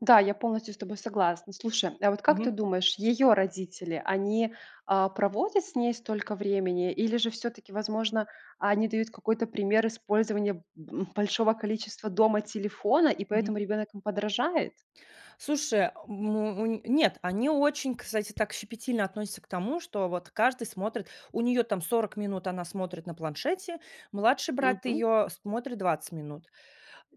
Да, я полностью с тобой согласна. Слушай, а вот как ты Мгм. думаешь, её родители, они, а, проводят с ней столько времени, или же всё-таки, возможно, они дают какой-то пример использования б м, большого количества дома телефона, и Мгм. поэтому ребёнок им подражает? Слушай, э, му му нет, они очень, кстати, так щепетильно относятся к тому, что вот каждый смотрит. У нее, там, 40 минут она смотрит на планшете. Младший брат Мгм. ее смотрит 20 минут.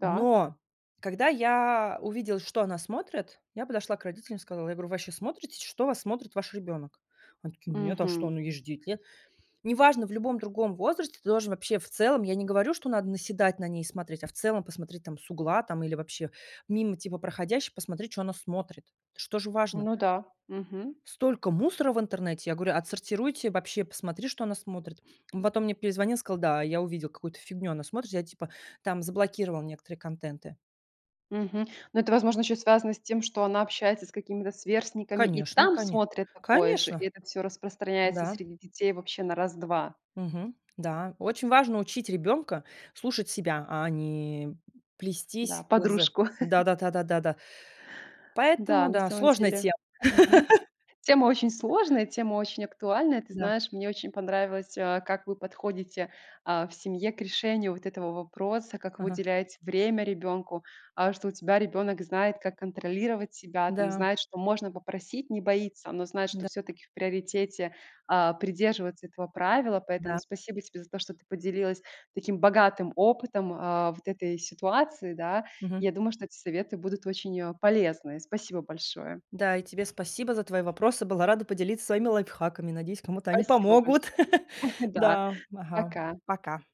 Так. когда я увидела, что она смотрит, я подошла к родителям и сказала, я говорю: "Вы вообще смотрите, что вас смотрит ваш ребенок?" Они такие: "Нет, а что, Мгм. ну, ей же 9 лет". Не важно, в любом другом возрасте ты должен вообще в целом, я не говорю, что надо наседать на ней и смотреть, а в целом посмотреть, там, с угла, там, или вообще мимо типа проходящих посмотреть, чё она смотрит. Это ж тоже важно. Ну да. Мгм. Столько мусора в интернете. Я говорю: "Отсортируйте. Вообще посмотри, что она смотрит". М, потом мне перезвонил, сказал: "Да, я увидел какую-то фигню, она смотрит, я типа, там, заблокировал некоторые контенты". Мгм. Но это, возможно, ещё и связано с тем, что она общается с какими-то сверстниками, и Конечно, там коне смотрит такое же. И конечно. это всё распространяется Да. среди детей вообще на раз-два. Мгм. Да. Очень важно учить ребенка слушать себя, а не, м, Да. плестись к з Подружку. да да да да да да. Да. Поэтому На да, самом сложная деле. тема. Мгм. Тема очень сложная, тема очень актуальная. Ты Да. знаешь, мне очень понравилось, а, как вы подходите, а, в семье к решению вот этого вопроса, как вы Ага. уделяете время ребёнку. А, что у тебя ребёнок знает, как контролировать себя, там, Да. знает, что можно попросить, не боится, но знает, что Да. всё-таки в приоритете, а, придерживаться этого правила. Поэтому Да. спасибо тебе за то, что ты поделилась таким богатым опытом, а, вот этой ситуации, да. Мгм. Я думаю, что эти советы будут очень, э, полезны. Спасибо большое. Да, и тебе спасибо за твои вопросы, была рада поделиться своими лайфхаками, надеюсь, кому-то они Спасибо помогут. большое. Да. Да. Ага. Пока. Пока.